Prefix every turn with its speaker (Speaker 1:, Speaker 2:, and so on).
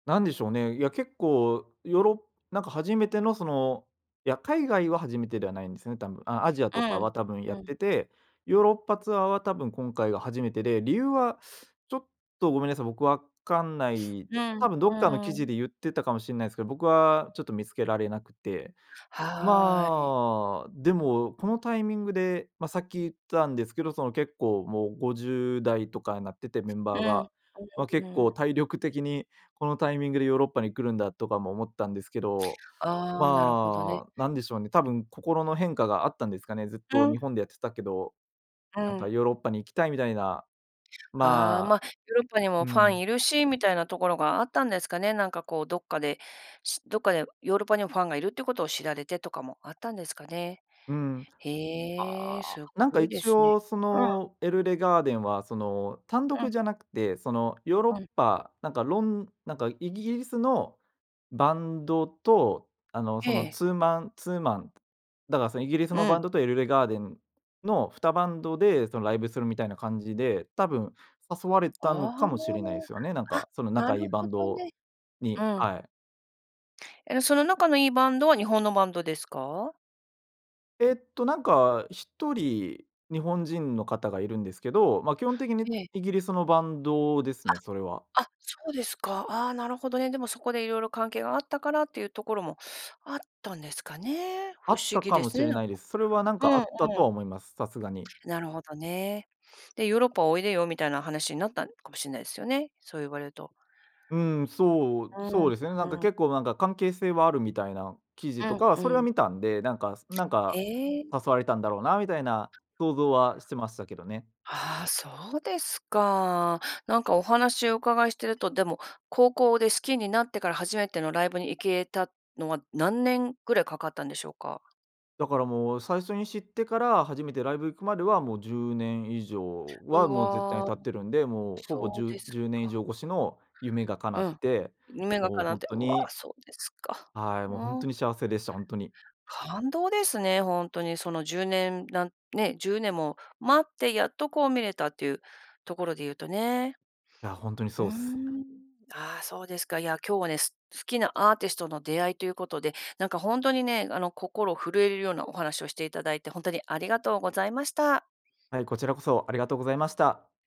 Speaker 1: なんでしょうね、いや、結構ヨーロッなんか初めてのそのいや、海外は初めてではないんですよね、多分。あ、アジア
Speaker 2: う
Speaker 1: とか
Speaker 2: ん
Speaker 1: は多分やっ
Speaker 2: うん。
Speaker 1: てて、ヨーロッパツアーは多分今回が初めてで、理由はちょっとごめんなさい。僕わかんない、
Speaker 2: う
Speaker 1: た
Speaker 2: ん、う
Speaker 1: 多分どっかの
Speaker 2: ー
Speaker 1: 記
Speaker 2: ん。
Speaker 1: 事で言ってたかもしんないすけど、僕はちょっと見つけられなくて。
Speaker 2: はい。
Speaker 1: まあ、でも、このタイミングで、ま、さっき言ったんですけど、その結構もう50代とかになってて、メン
Speaker 2: う
Speaker 1: バー
Speaker 2: ん、
Speaker 1: が。ま、
Speaker 2: うん
Speaker 1: 結
Speaker 2: うん。
Speaker 1: 構体力的にこのタイミングでヨーロッパに来るんだとかも思ったんですけど。
Speaker 2: ああ、なるほどね。
Speaker 1: まあ、なんでしょうね。多分心の変化があったんですかね。ずっ
Speaker 2: う
Speaker 1: と日
Speaker 2: ん。
Speaker 1: 本でやってたけど、
Speaker 2: う
Speaker 1: なんか
Speaker 2: ん。
Speaker 1: ヨーロッパに行きたいみたいな、
Speaker 2: ああ、
Speaker 1: ま
Speaker 2: ま、
Speaker 1: あ、
Speaker 2: ヨーロッパにも
Speaker 1: う
Speaker 2: ファン
Speaker 1: ん。
Speaker 2: いるしみたいなところがあったんですかね。なんかこうどっかで、しどっかでヨーロッパにもファンがいるっていうことを知られてとかもあったんですかね。
Speaker 1: うん。
Speaker 2: へえ、
Speaker 1: ああ。
Speaker 2: す
Speaker 1: なんか、
Speaker 2: ごいで
Speaker 1: 一
Speaker 2: すね。
Speaker 1: 応そ
Speaker 2: うん。
Speaker 1: の、エルレガーデンはその、単
Speaker 2: う
Speaker 1: 独
Speaker 2: ん。
Speaker 1: じゃなくて、その、ヨーロッ
Speaker 2: うん。
Speaker 1: パ、なんかろんなんかイギリスのバンドと、あの、そ
Speaker 2: え
Speaker 1: の、
Speaker 2: え。
Speaker 1: ツーマンツーマンだからそのイギリス
Speaker 2: う
Speaker 1: のバ
Speaker 2: ん。
Speaker 1: ンドとエルレガーデンの2バンドで、その、ライブするみたいな感じで、多分、誘われ
Speaker 2: あ
Speaker 1: たの
Speaker 2: あ、
Speaker 1: かもしれないすよね。なん
Speaker 2: あ、
Speaker 1: か、その
Speaker 2: な
Speaker 1: 仲
Speaker 2: る
Speaker 1: いいバ
Speaker 2: ほ
Speaker 1: ン
Speaker 2: ど
Speaker 1: ド
Speaker 2: ね。う
Speaker 1: に、
Speaker 2: ん。
Speaker 1: はい。
Speaker 2: え、その仲のいいバンドは日本のバンドですか？
Speaker 1: ええっとなんか、1人日本人の方がいるんですけど、ま、基本的に
Speaker 2: ええ。
Speaker 1: イギリスのバンドです
Speaker 2: あ、
Speaker 1: ね、それは。
Speaker 2: あ、そうですか。ああ、なるほどね。でもそこでいろいろ関係があったからっていうところもあったんですかね。
Speaker 1: あ
Speaker 2: 不
Speaker 1: っ
Speaker 2: 思
Speaker 1: た
Speaker 2: 議
Speaker 1: か
Speaker 2: で
Speaker 1: も
Speaker 2: す
Speaker 1: し
Speaker 2: ね、
Speaker 1: れ
Speaker 2: なん
Speaker 1: ない
Speaker 2: か。
Speaker 1: です。それはなん
Speaker 2: う
Speaker 1: かあ
Speaker 2: んうん。
Speaker 1: ったとは思います。さすがに。
Speaker 2: なるほどね、で、ヨーロッパおいでよみたいな話になったんかもしんないすよね、そう言われると。
Speaker 1: うん。そう、
Speaker 2: う
Speaker 1: そう
Speaker 2: ん
Speaker 1: ですね。なんか
Speaker 2: うん。
Speaker 1: 結構なんか関係性はあるみたいな記
Speaker 2: う
Speaker 1: 事と
Speaker 2: ん
Speaker 1: かは、
Speaker 2: う
Speaker 1: それは
Speaker 2: ん。
Speaker 1: 見たんで、なんかなん
Speaker 2: へ
Speaker 1: か
Speaker 2: え。
Speaker 1: 誘われたんだろうなみたいな想像はしてましたけどね。
Speaker 2: ああ、そうですか。なんかお話お伺いしてると、でも、高校で好きになってから、初めてのライブに行けたのは何年ぐらいかかったんでしょうか？
Speaker 1: だからもう、最初に知ってから初めてライブ行くまではもう10年以上
Speaker 2: う
Speaker 1: は、もう絶対に
Speaker 2: わ、
Speaker 1: 経ってるんで、もうほぼ
Speaker 2: そ
Speaker 1: じ
Speaker 2: う
Speaker 1: ゅ
Speaker 2: で
Speaker 1: う
Speaker 2: す
Speaker 1: 10年以
Speaker 2: か。
Speaker 1: 上越しの夢が叶
Speaker 2: う
Speaker 1: っ
Speaker 2: ん。
Speaker 1: て、
Speaker 2: 夢が
Speaker 1: もう
Speaker 2: 叶っ
Speaker 1: ほん
Speaker 2: て
Speaker 1: と
Speaker 2: うわ、
Speaker 1: に
Speaker 2: そうですか。
Speaker 1: はい。もうほん
Speaker 2: う
Speaker 1: と
Speaker 2: ん。
Speaker 1: に幸せでした。ほんとに。
Speaker 2: 感動ですね、ほんとにその、10年なんね、10年も待ってやっとこう見れたっていうところで言うとね。
Speaker 1: いや、ほんとに
Speaker 2: う
Speaker 1: そ
Speaker 2: ー
Speaker 1: うっす。
Speaker 2: ん。ああ、そうですか。いや、今日はね、す好きなアーティストの出会いということで、なんかほんとにね、あの、心震えるようなお話をしていただいてほんと、にありがとうございました。
Speaker 1: はい、こちらこそありがとうございました。